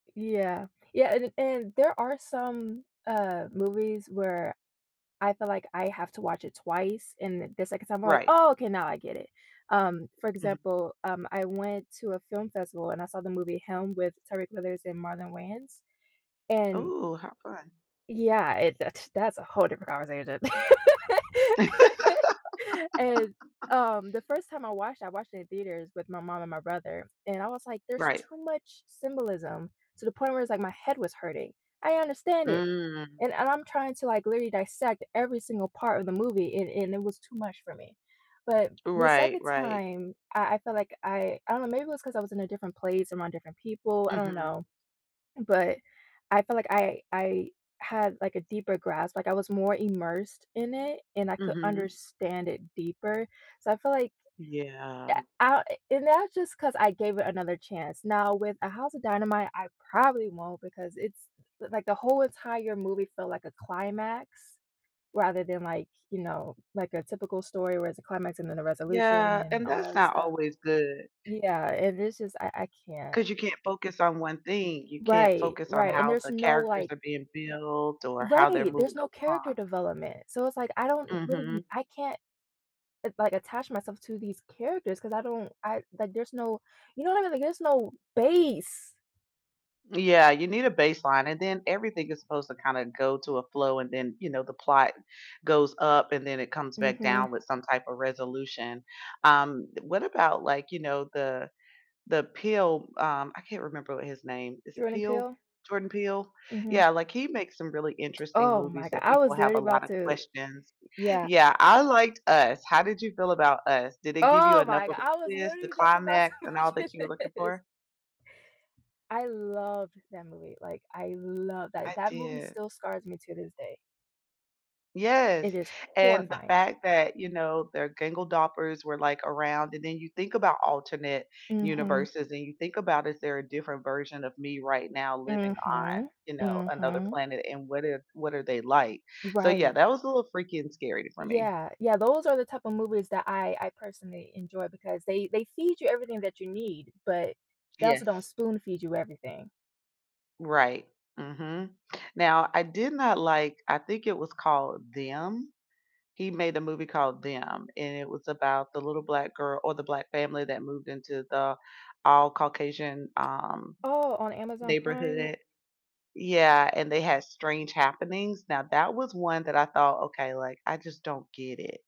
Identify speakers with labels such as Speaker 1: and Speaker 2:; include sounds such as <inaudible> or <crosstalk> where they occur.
Speaker 1: Yeah. Yeah, and and there are some, uh, movies where I feel like I have to watch it twice, and the 2nd time I'm like,
Speaker 2: Right.
Speaker 1: "Oh, okay, now I get it." Um, for
Speaker 2: Mhm.
Speaker 1: example, um, I went to a film festival and I saw the movie Helm with Tyriq Withers and Marlon Wayans. And
Speaker 2: Ooh, how fun.
Speaker 1: Yeah, it that's a whole different conversation. <laughs> And,
Speaker 2: <laughs>
Speaker 1: um, the 1st time I watched, I watched it in theaters with my mom and my brother, and I was like, "There's
Speaker 2: Right.
Speaker 1: too much symbolism to the point where it's like my head was hurting." I understand it,
Speaker 2: Mm.
Speaker 1: and and I'm trying to, like, literally dissect every single part of the movie and and it was too much for me. But the
Speaker 2: Right,
Speaker 1: 2nd
Speaker 2: right.
Speaker 1: time, I I felt like I I don't know, maybe it was 'cause I was in a different place around different people, I don't
Speaker 2: Mhm.
Speaker 1: know. But I felt like I I had, like, a deeper grasp, like, I was more immersed in it, and I could
Speaker 2: Mhm.
Speaker 1: understand it deeper. So I feel like yeah,
Speaker 2: Yeah.
Speaker 1: I and that's just 'cause I gave it another chance. Now, with A House of Dynamite, I probably won't because it's l like the whole entire movie felt like a climax rather than, like, you know, like a typical story where it's a climax and then a resolution
Speaker 2: Yeah,
Speaker 1: and
Speaker 2: and
Speaker 1: all
Speaker 2: that's
Speaker 1: that
Speaker 2: not
Speaker 1: stuff.
Speaker 2: always good.
Speaker 1: Yeah, and it's just I I can't
Speaker 2: 'Cause you can't focus on 1 thing. You can't
Speaker 1: Right,
Speaker 2: focus on
Speaker 1: right, and
Speaker 2: how
Speaker 1: there's
Speaker 2: the
Speaker 1: no
Speaker 2: characters
Speaker 1: like
Speaker 2: are being built or how they're
Speaker 1: right, there's
Speaker 2: moving
Speaker 1: no character
Speaker 2: along.
Speaker 1: development. So it's like I don't really
Speaker 2: Mhm.
Speaker 1: I can't, l like, attach myself to these characters 'cause I don't I like there's no you know what I mean? Like there's no base.
Speaker 2: Yeah, you need a baseline, and then everything is supposed to kinda go to a flow and then, you know, the plot goes up and then it comes back
Speaker 1: Mhm.
Speaker 2: down with some type of resolution. Um, what about, like, you know, the the Peele um, I can't remember what his name. Is it
Speaker 1: Jordan
Speaker 2: Peele?
Speaker 1: Peele?
Speaker 2: Jordan Peele?
Speaker 1: Mhm.
Speaker 2: Yeah, like, he makes some really interesting
Speaker 1: Oh my
Speaker 2: movies
Speaker 1: god,
Speaker 2: that
Speaker 1: I
Speaker 2: people
Speaker 1: was
Speaker 2: have
Speaker 1: literally
Speaker 2: a lot
Speaker 1: about
Speaker 2: of
Speaker 1: to
Speaker 2: questions.
Speaker 1: yeah.
Speaker 2: Yeah, I liked Us, how did you feel about Us? Did it give you
Speaker 1: Oh
Speaker 2: enough
Speaker 1: my god,
Speaker 2: of a
Speaker 1: I was
Speaker 2: twist, the
Speaker 1: literally just about
Speaker 2: climax, and
Speaker 1: to
Speaker 2: all that
Speaker 1: mention
Speaker 2: you were looking
Speaker 1: this.
Speaker 2: for?
Speaker 1: I loved that movie. Like I love that,
Speaker 2: I
Speaker 1: that movie
Speaker 2: did.
Speaker 1: still scars me to this day. It
Speaker 2: Yes,
Speaker 1: is
Speaker 2: and the
Speaker 1: horrifying.
Speaker 2: fact that, you know, their doppelgängers were, like, around, and then you think about alternate
Speaker 1: Mhm.
Speaker 2: universes and you think about is there a different version of me right now living on,
Speaker 1: Mhm,
Speaker 2: you know, another
Speaker 1: mhm.
Speaker 2: planet, and what if what are they like? So yeah,
Speaker 1: Right.
Speaker 2: that was a little freaky and scary for me.
Speaker 1: Yeah. Yeah, those are the type of movies that I I personally enjoy because they they feed you everything that you need, but they also don't
Speaker 2: Yes.
Speaker 1: spoon feed you everything.
Speaker 2: Right. Mhm. Now, I did not like, I think it was called Them? He made a movie called Them, and it was about the little Black girl or the Black family that moved into the all Caucasian, um,
Speaker 1: Oh, on Amazon Prime?
Speaker 2: neighborhood. Yeah, and they had strange happenings. Now, that was one that I thought, "Okay, like, I just don't get it."